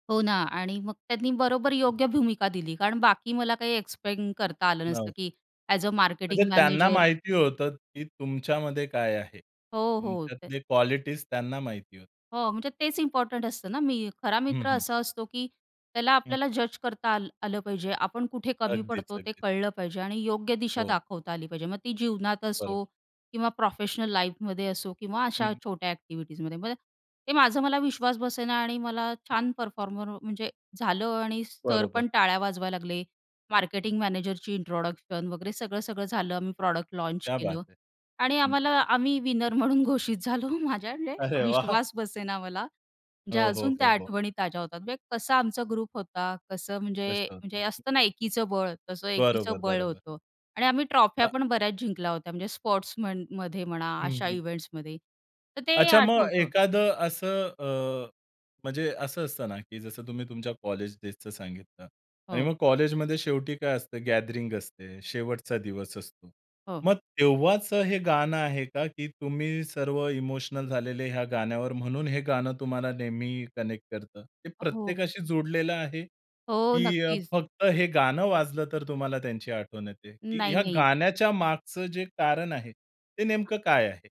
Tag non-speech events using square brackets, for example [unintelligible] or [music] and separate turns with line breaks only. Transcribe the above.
हो ना आणि मग त्यांनी बरोबर योग्य भूमिका दिली कारण बाकी मला काही एक्सप्लेन करता आलं
नाव.
नसतं की अ‍ॅज अ
म्हणजे
मार्केटिंग
त्यांना
मॅनेजर
माहिती होतं की तुमच्यामध्ये काय आहे?
हो, हो. ते
तुमच्यातले क्वालिटीज त्यांना माहिती होतं.
हो, म्हणजे तेच इम्पोर्टंट असतं ना, मी खरा
हं,
मित्र
हं.
असा असतो की त्याला
हं.
आपल्याला जज करता आल आलं पाहिजे. आपण कुठे कमी
अगदीच.
पडतो? ते
अगदीच.
कळलं पाहिजे आणि योग्य दिशा
हो.
दाखवता आली पाहिजे. मग ती जीवनात
बरं.
असो किंवा प्रोफेशनल लाईफमध्ये असो किंवा अशा
हं.
छोट्या अ‍ॅक्टिव्हिटीजमध्ये, मग ते ते माझं मला विश्वास बसेना आणि मला छान परफॉर्मर म्हणजे झालं आणि सर
बरोबर.
पण टाळ्या वाजवायला लागले, मार्केटिंग मॅनेजरची इंट्रोडक्शन वगैरे सगळं-सगळं झालं. मग प्रॉडक्ट लॉन्च
क्या बात
केलं
है!
आणि
हं.
आम्हाला आम्ही विनर म्हणून घोषित झालो. माझ्या [unintelligible] म्हणजे
अरे वाह!
विश्वास बसेना मला. म्हणजे
हो, हो,
अजून त्या
हो, हो.
आठवणी ताज्या होतात. म्हणजे कसा आमचा ग्रुप होता, कसं
तेच
म्हणजे
ना
म्हणजे
आता.
असतं ना एकीचं बळ, तसं
बरोबर.
एकीचं बळ
बरोबर.
होतं आणि आम्ही ट्रॉफ्या
अ
पण बऱ्याच जिंकल्या होत्या. म्हणजे स्पोर्ट्समनमध्ये म्हणा
हं,
अशा
हं.
इव्हेंट्समध्ये, तर ते
अच्छा, मग
आठवतं.
एखादं असं अ, म्हणजे असं असतं ना की जसं तुम्ही तुमच्या कॉलेज डेजचं सांगितलं. आणि
हो.
मग कॉलेजमध्ये शेवटी काय असतं, गॅदरिंग असते. शेवटचा दिवस असतो.
हो.
मग तेव्हाचं हे गाणं आहे का? की तुम्ही सर्व इमोशनल झालेले ह्या गाण्यावर, म्हणून हे गाणं तुम्हाला नेहमी कनेक्ट करतं. ते
अ, हो.
प्रत्येकाशी जोडलेलं आहे
हो,
की अ,
नक्कीच.
फक्त हे गाणं वाजलं, तर तुम्हाला त्यांची आठवण येते, की ह्या
नाही-नाही.
गाण्याच्या मागचं जे कारण आहे ते नेमकं काय आहे?